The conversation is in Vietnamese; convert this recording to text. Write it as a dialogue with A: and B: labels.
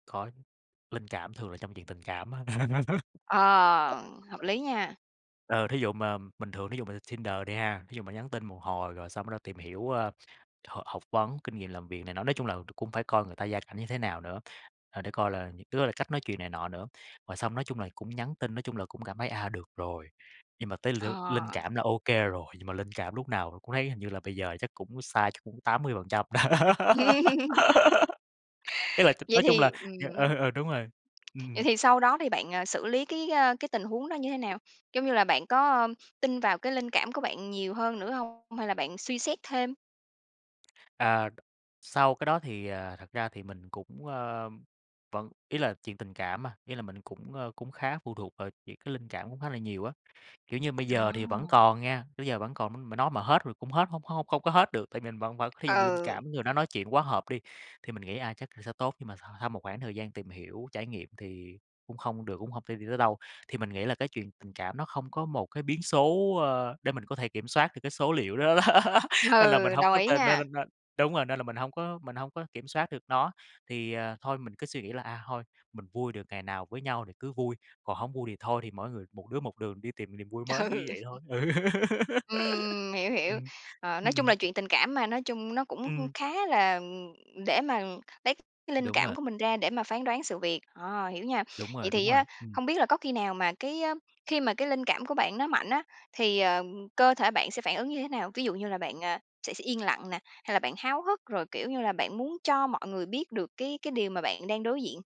A: Có chứ, linh cảm thường là trong chuyện tình cảm á.
B: Ờ, hợp lý nha.
A: Ừ, thí dụ mà bình thường thí dụ mà lên Tinder đi ha, thí dụ mà nhắn tin một hồi rồi xong bắt đầu tìm hiểu, ờ, h học vấn, kinh nghiệm làm việc này nọ, nói chung là cũng phải coi người ta gia cảnh như thế nào nữa, ờ, để coi là, những cái đó là cách nói chuyện này nọ nữa. Rồi xong nói chung là cũng nhắn tin, nói chung là cũng cảm thấy, à, được rồi. Nhưng mà tới l linh
B: Ờ.
A: cảm là ô kê rồi, nhưng mà linh cảm lúc nào cũng thấy hình như là bây giờ chắc cũng sai chắc cũng 80%. Ý là,
B: Vậy
A: nói chung là
B: thì ừm.
A: ờ, ờ đúng rồi.
B: Vậy
A: Ừm.
B: thì sau đó thì bạn, à, xử lý cái, ờ, cái tình huống đó như thế nào? Giống như là bạn có tin vào cái linh cảm của bạn nhiều hơn nữa hông, hay là bạn suy xét thêm?
A: À, sau cái đó thì, à, thật ra thì mình cũng, ờ, vẫn ý là, chuyện tình cảm mà, ý là mình cũng, ờ, cũng khá phụ thuộc vào chuyện cái linh cảm cũng khá là nhiều á. Kiểu như, bây giờ thì vẫn
B: À.
A: còn nha, tới giờ vẫn còn nói, m mà nói mà hết rồi cũng hết hông hông không có hết được. Tại vì mình vẫn vẫn thí dụ mình linh
B: Ừ.
A: cảm người đó nói chuyện quá hợp đi, thì mình nghĩ, a, chắc là sẽ tốt nhưng mà s sau một khoảng thời gian tìm hiểu, trải nghiệm thì cũng không được cũng hông thể đi tới đâu. Thì mình nghĩ là cái chuyện tình cảm nó không có một cái biến số, ờ, để mình có thể kiểm soát được cái số liệu đó đó.
B: Ừ,
A: Nên là mình hông
B: đồng
A: có
B: ý
A: nên nên
B: nha.
A: nên nên đúng rồi, nên là mình hông có mình hông có kiểm soát được nó, thì à, thôi mình cứ suy nghĩ là, à, thôi mình vui được ngày nào với nhau thì cứ vui, còn hổng vui thì thôi, thì mỗi người, một đứa một đường đi tìm niềm vui mới, kiểu như
B: Ừ.
A: vậy thôi. Ừ!
B: Ừm, ừm, hiểu, hiểu.
A: Ừm.
B: Ờ, nói
A: Ừm,
B: chung
A: ừm.
B: là chuyện tình cảm mà, nói chung nó cũng
A: Ừm.
B: khá là, ừm để mà lấy cái linh
A: Đúng rồi.
B: cảm của mình ra để mà phán đoán sự việc. Ờ, hiểu nha.
A: Đúng
B: Vậy
A: rồi, đúng
B: thì
A: rồi,
B: á,
A: ừm.
B: hông biết là có khi nào mà cái khi mà cái linh cảm của bạn nó mạnh á, thì, ờ, cơ thể bạn sẽ phản ứng như thế nào? Ví dụ như là bạn, à, sẽ sẽ yên lặng nè, hay là bạn háo hức, rồi kiểu như là bạn muốn cho mọi người biết được cái cái điều mà bạn đang đối diện?